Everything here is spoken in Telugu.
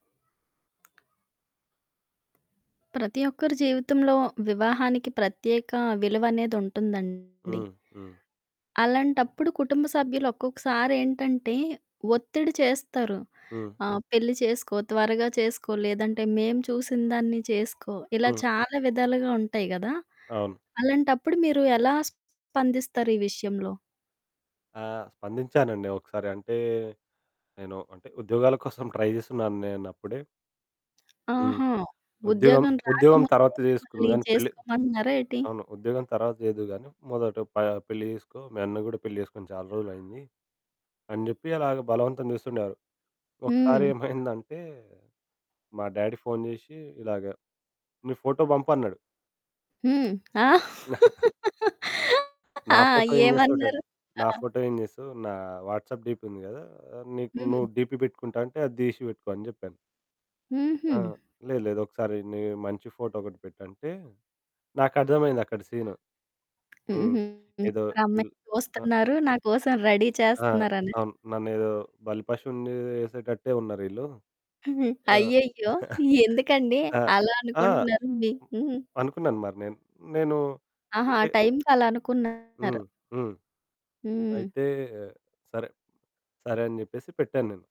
ప్రతి ఒక్కరి జీవితంలో వివాహానికి ప్రత్యేక విలువ అనేది ఉంటుందండి. హ్మ్, హ్మ్. అలాంటప్పుడు కుటుంబ సభ్యులు ఒక్కొక్కసారి ఏంటంటే ఒత్తిడి చేస్తారు. హ్మ్. ఆహ్, "పెళ్లి చేసుకో, త్వరగా చేసుకో లేదంటే మేము చూసినదాన్ని చేసుకో" ఇలా హ్మ్. చాలా విధాలుగా ఉంటాయి గదా! అవును. అలాంటప్పుడు మీరు ఎలా స్పందిస్తారు ఈ విషయంలో? ఆ! స్పందించానండి ఒకసారి. అంటే నేను అంటే ఉద్యోగాల కోసం ట్రై జేస్తున్నాను నేనప్పుడే. హ్మ్. ఆహా! "ఉద్యోగం, ఉద్యోగం ఉద్యోగం రాకముందే తర్వాత మిమల్ని చేసుకుందువు గాని పెళ్లి" చేసుకోమంటున్నారా ఏటి? అవును. "ఉద్యోగం తర్వాత చేద్దువు గాని మొదట ప పెళ్లి చేసుకో. మీ అన్న గూడా పెళ్లి చేసుకొని చాలా రోజులయింది" అని జెప్పి అలాగా బలవంతం జేస్తుండేవారు. ఒకసారి హ్మ్. ఏమైందంటే మా డ్యాడీ ఫోను జేషి ఇలాగ, "నీ ఫోటో పంపు" అన్నడు. హ్మ్. ఆ! "నా ఆ! ఫోటో ఏం జేస్తావు డ్యాడీ? ఏమన్నారు? ఆ! నా ఫోటో ఏం జేస్తావు? నా వాట్సాప్ డీపీ ఉంది గదా! నీకు హ్మ్. నువ్వు డీపీ పెట్టుకుంటా అంటే అది డీషి పెట్టుకో" అని జెప్పాను. హుహు. ఆ! "లేదు, లేదు. ఒకసారి నీ మంచి ఫోటో ఒకటి పెట్టు" అంటే నాకర్థమయింది అక్కడ సీను. హ్మ్. హుహు. ఏదో మరి పెల్ అమ్మాయిని ఆ! చూస్తున్నారు నా కోసం రెడీ ఆ! చేస్తున్నారనా? అవును. నన్నేదో బలి పషువుని యేసేటట్టే ఉన్నారీళ్ళు. హ్మ్. ఆ! అయ్యయ్యో! ఎందుకండీ ఆ! అలా ఆ! అనుకుంటున్నారు? మీ హుహు. అనుకున్నాను మరి నేను. నేనూ ఆహా! అంటే టైమ్‌కి అలా అనుకున్నారు. హ్మ్, హ్మ్. హ్మ్. అయితే సరే, సరే అని జెప్పేసి పెట్టాను నేను.